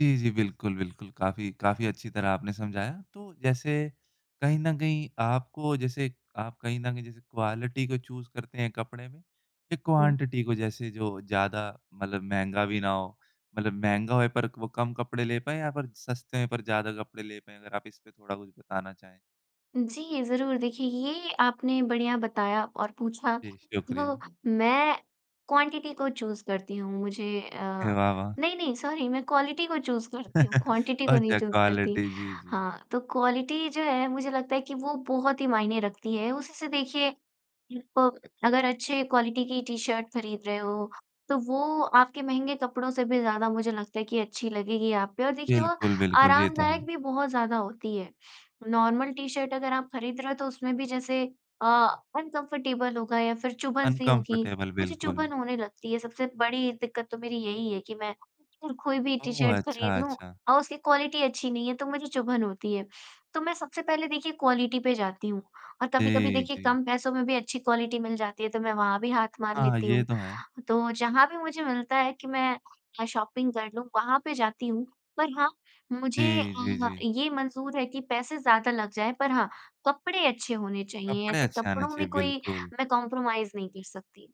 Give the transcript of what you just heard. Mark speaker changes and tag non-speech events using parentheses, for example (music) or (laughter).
Speaker 1: जी, जी, बिल्कुल, बिल्कुल, काफ़ी काफ़ी अच्छी तरह आपने समझाया। तो जैसे, कहीं न कहीं आपको, जैसे आप कहीं न कहीं जैसे क्वालिटी को चूज़ करते हैं कपड़े में, या
Speaker 2: हुँ।
Speaker 1: क्वांटिटी को? जैसे जो ज़्यादा मतलब महँगा भी ना हो, मतलब महँगा होए, पर क वो कम कपड़े ले पाएँ या फिर सस्ते हैं, पर ज़्यादा कपड़े ले पाएँ? अगर आप इसपे थोड़ा कुछ बताना चाहें।
Speaker 2: जी, ज़रूर। देखिए, ये आपने बढ़िया बताया और पूछा।
Speaker 1: जी,
Speaker 2: तो
Speaker 1: शुक्रिया।
Speaker 2: मैं क्वांटिटी को चूज़ करती हूँ। मुझे
Speaker 1: हे,
Speaker 2: अ,
Speaker 1: वाह! वाह!
Speaker 2: नहीं, नहीं, सॉरी, मैं क्वालिटी को चूज़ करती हूँ,
Speaker 1: (chuckles)
Speaker 2: क्वांटिटी को नहीं
Speaker 1: अच्छा,
Speaker 2: चूज़ करती।
Speaker 1: क्वालिटी, जी, जी।
Speaker 2: हाँ, तो क्वालिटी जो है, मुझे लगता है कि वो बहुत ही मायने रखती है। उसी से, देखिए, प अगर अच्छे क्वालिटी की टी-शर्ट खरीद रहे हो, तो वो आपके महँगे कपड़ों से भी ज़्यादा, मुझे लगता है कि अच्छी लगेगी आप पे, और देखिए, वो
Speaker 1: बिल्कुल, बिल्कुल, ये तो
Speaker 2: आरामदायक
Speaker 1: है।
Speaker 2: भी बहुत ज़्यादा होती है। नॉर्मल टी-शर्ट अगर आप खरीद रहे हो, तो उसमें भी जैसे अ, अनकम्फर्टेबल होगा या फिर चुभन-सी होगी।
Speaker 1: अनकम्फर्टेबल,
Speaker 2: मुझे
Speaker 1: बिल्कुल।
Speaker 2: चुभन होने लगती है। सबसे बड़ी दिक्कत तो मेरी यही है कि मैं अगर कोई भी
Speaker 1: ओह!
Speaker 2: टी-शर्ट
Speaker 1: अच्छा,
Speaker 2: खरीद लूँ,
Speaker 1: अच्छा।
Speaker 2: और उसकी क्वालिटी अच्छी नहीं है, तो मुझे चुभन होती है। तो मैं सबसे पहले, देखिए, क्वालिटी पे जाती हूँ। और कभी-कभी,
Speaker 1: जी,
Speaker 2: देखिए,
Speaker 1: जी।
Speaker 2: कम पैसों में भी अच्छी क्वालिटी मिल जाती है, तो मैं वहाँ भी हाथ मार
Speaker 1: हाँ,
Speaker 2: लेती
Speaker 1: ये
Speaker 2: हूँ।
Speaker 1: तो है।
Speaker 2: तो जहाँ भी मुझे मिलता है कि मैं अ, शॉपिंग कर लूँ, वहाँ पे जाती हूँ। पर हाँ, मुझे
Speaker 1: जी, जी,
Speaker 2: अ,
Speaker 1: जी।
Speaker 2: ये मंज़ूर है कि पैसे ज़्यादा लग जाएँ, पर हाँ, कपड़े अच्छे होने चाहिए।
Speaker 1: कपड़े
Speaker 2: ऐसे
Speaker 1: अच्छे आने
Speaker 2: कपड़ों में
Speaker 1: चाहिए,
Speaker 2: कोई
Speaker 1: बिल्कुल।
Speaker 2: मैं कॉम्प्रोमाइज़ नहीं कर सकती।